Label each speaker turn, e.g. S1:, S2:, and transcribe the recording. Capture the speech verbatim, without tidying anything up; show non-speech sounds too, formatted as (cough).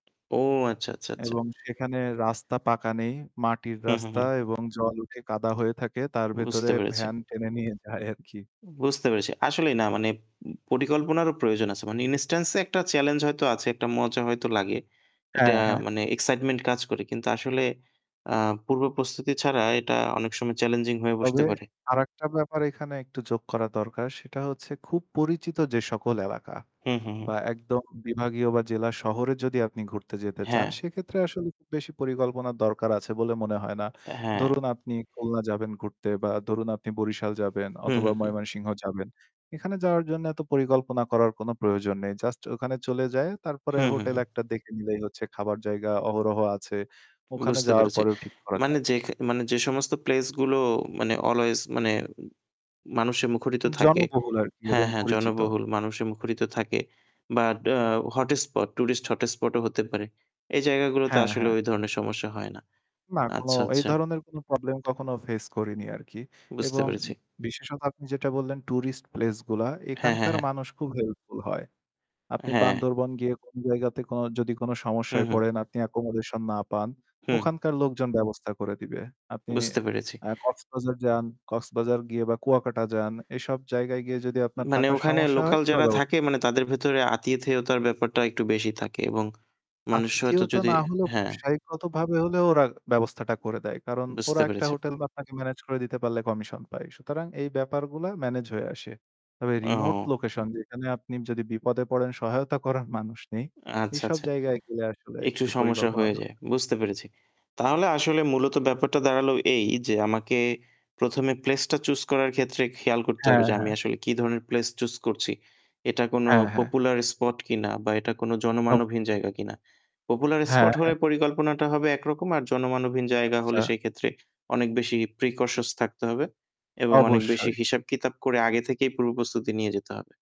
S1: ও আচ্ছা, আচ্ছা, আচ্ছা।
S2: এবং সেখানে রাস্তা পাকা নেই। মাটির
S1: হু, হু,
S2: রাস্তা
S1: হু।
S2: এবং জল উঠে কাদা হয়ে থাকে। তার ভেতরে
S1: বুঝতে পেরেছি।
S2: ভ্যান টেনে নিয়ে যায় আরকি।
S1: বুঝতে পেরেছি। আসলেই না মানে উম পরিকল্পনারও প্রয়োজন আছে। মানে ইনস্টান্স এ একটা চ্যালেঞ্জ হয়তো আছে, একটা মজা হয়তো লাগে। এটা
S2: হ্যাঁ, হ্যাঁ।
S1: মানে এক্সাইটমেন্ট কাজ করে। কিন্তু আসলে আ পূর্ব প্রস্তুতি ছাড়া এটা অনেক সময় চ্যালেঞ্জিং হয়ে বসতে
S2: তবে
S1: পারে।
S2: আরেকটা ব্যাপার এখানে একটু যোগ করা দরকার সেটা হচ্ছে খুব পরিচিত যে সকল এলাকা
S1: হু, হু,
S2: বা
S1: হু।
S2: একদম বিভাগীয় বা জেলা শহরে যদি আপনি ঘুরতে যেতে চান
S1: হ্যাঁ।
S2: সেক্ষেত্রে আসলে খুব বেশি পরিকল্পনার দরকার আছে বলে মনে হয় না।
S1: হ্যাঁ।
S2: ধরুন আপনি খুলনা যাবেন ঘুরতে বা ধরুন আপনি বরিশাল যাবেন
S1: হু,
S2: অথবা
S1: হু, হু।
S2: ময়মনসিংহ যাবেন। এখানে যাওয়ার জন্য এত পরিকল্পনা করার কোন প্রয়োজন নেই। জাস্ট ওখানে চলে যায় তারপরে
S1: হু, হু,
S2: হোটেল
S1: হু।
S2: একটা দেখে নিলেই হচ্ছে খাবার জায়গা অহরহ আছে। ওখানে
S1: বুঝতে
S2: যাওয়ার
S1: পেরেছি।
S2: পরেও ঠিক করা
S1: মানে
S2: যায়।
S1: যেখ মানে যে সমস্ত প্লেস গুলো মানে always মানে মানুষে মুখরিত থাকে।
S2: জনবহুল আর কি
S1: হ্যাঁ,
S2: এবং
S1: হ্যাঁ
S2: পরিচিত।
S1: জনবহুল মানুষে মুখরিত থাকে। But uh hot spot tourist hotspot ও হতে পারে। এই জায়গাগুলোতে
S2: হ্যাঁ,
S1: আসলে
S2: হ্যাঁ।
S1: ওই ধরনের সমস্যা হয় না।
S2: না, কোন
S1: আচ্ছা,
S2: এই
S1: আচ্ছা।
S2: ধরনের কোন প্রবলেম কখনো ফেস করিনি আরকি।
S1: বুঝতে
S2: এবং
S1: পেরেছি।
S2: বিশেষত আপনি যেটা বললেন টুরিস্ট প্লেস গুলা
S1: হ্যাঁ, হ্যাঁ,
S2: এখানকার
S1: হ্যাঁ।
S2: মানুষ খুব হেল্পফুল হয়। আপনি
S1: হ্যাঁ।
S2: বান্দরবন গিয়ে কোন জায়গাতে কোন যদি কোন
S1: হু,
S2: সমস্যায়
S1: হু।
S2: পড়েন আপনি একোমোডেশন না পান,
S1: হুম।
S2: ওখানকার লোকজন ব্যবস্থা করে দিবে। আপনি
S1: বুঝতে পেরেছি।
S2: এ কক্সবাজার যান, কক্সবাজার গিয়ে বা কুয়াকাটা যান এসব জায়গায় গিয়ে যদি আপনার
S1: মানে
S2: থাকার
S1: ওখানে
S2: সমস্যা হয়
S1: লোকাল
S2: ওরা
S1: যারা
S2: ব্যবস্থা
S1: থাকে মানে তাদের ভেতরে আতিথেয়তার ব্যাপারটা একটু বেশি থাকে এবং মানুষ হয়তো
S2: আতিথিয়তা
S1: যদি
S2: না হলেও
S1: হ্যাঁ।
S2: ব্যবসায়িকগতভাবে হলেও ওরা ব্যবস্থাটা করে দেয়। কারণ
S1: বুঝতে
S2: ওরা একটা
S1: পেরেছি।
S2: হোটেল বাপ্নাকে মেনেজ করে দিতে পারলে কমিশন পায়। সুতরাং এই ব্যাপারগুলা মেনেজ হয়ে আসে। তবে রিমোট
S1: ও।
S2: লোকেশন যেখানে আপনি যদি বিপদে পড়েন সহায়তা করার মানুষ নেই।
S1: আচ্ছা,
S2: এসব
S1: আচ্ছা।
S2: জায়গায় গেলে আসলে
S1: একটু
S2: একটু
S1: সমস্যা
S2: পরিকল্পনা
S1: হয়ে
S2: দর
S1: যায়। বুঝতে পেরেছি। তাহলে আসলে মূলত ব্যাপারটা দাঁড়ালো এই যে আমাকে প্রথম এ প্লেস টা চুস করার ক্ষেত্রে খেয়াল করতে
S2: হ্যাঁ,
S1: হবে যে আমি
S2: হ্যাঁ।
S1: আসলে কি ধরনের প্লেস চুস করছি। এটা কোন
S2: হ্যাঁ, হ্যাঁ।
S1: পপুলার স্পট কিনা বা এটা কোন
S2: (unintelligible)
S1: জনমানবহীন জায়গা কিনা। পপুলার
S2: হ্যাঁ,
S1: স্পট
S2: হ্যাঁ।
S1: হলে পরিকল্পনাটা হবে একরকম আর জনমানবহীন জায়গা হলে
S2: আচ্ছা।
S1: সেইক্ষেত্রে অনেক বেশি প্রিকশস থাকতে হবে। এবং অনেক বেশি
S2: অবশ্যই।
S1: হিসাব কিতাব করে আগে থেকেই পূর্বপ্রস্তুতি নিয়ে যেতে হবে।